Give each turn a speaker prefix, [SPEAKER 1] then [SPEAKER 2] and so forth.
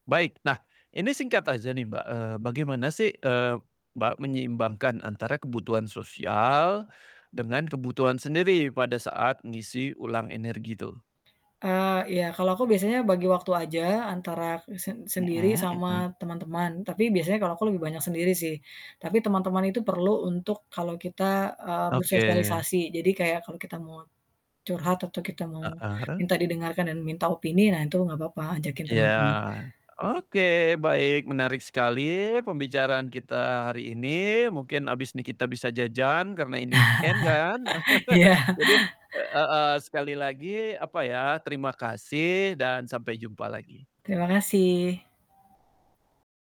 [SPEAKER 1] Baik. Nah ini singkat aja nih, Mbak, eee, bagaimana sih, eee, Mbak, menyeimbangkan antara kebutuhan sosial dengan kebutuhan sendiri pada saat ngeisi ulang energi itu?
[SPEAKER 2] Ah, iya. Kalau aku biasanya bagi waktu aja antara kesen sen sendiri
[SPEAKER 1] Mhm
[SPEAKER 2] sama
[SPEAKER 1] mhm.
[SPEAKER 2] teman-teman, tapi biasanya kalau aku lebih banyak sendiri sih, tapi teman-teman itu perlu untuk kalau kita, eee,
[SPEAKER 1] Oke.
[SPEAKER 2] bersosialisasi. Jadi kayak kalau kita mau curhat atau kita mau
[SPEAKER 1] Heeh.
[SPEAKER 2] minta didengarkan dan minta opini, nah itu enggak papa ajakin
[SPEAKER 1] Iya.
[SPEAKER 2] teman-teman
[SPEAKER 1] Oke, baik. Menarik sekali pembicaraan kita hari ini mungkin abis ini kita bisa jajan karena ini weekend kan.
[SPEAKER 2] iya.
[SPEAKER 1] Jadi eee, heeh, sekali lagi, apa ya, terima kasih dan sampai jumpa lagi.
[SPEAKER 2] Terima kasih.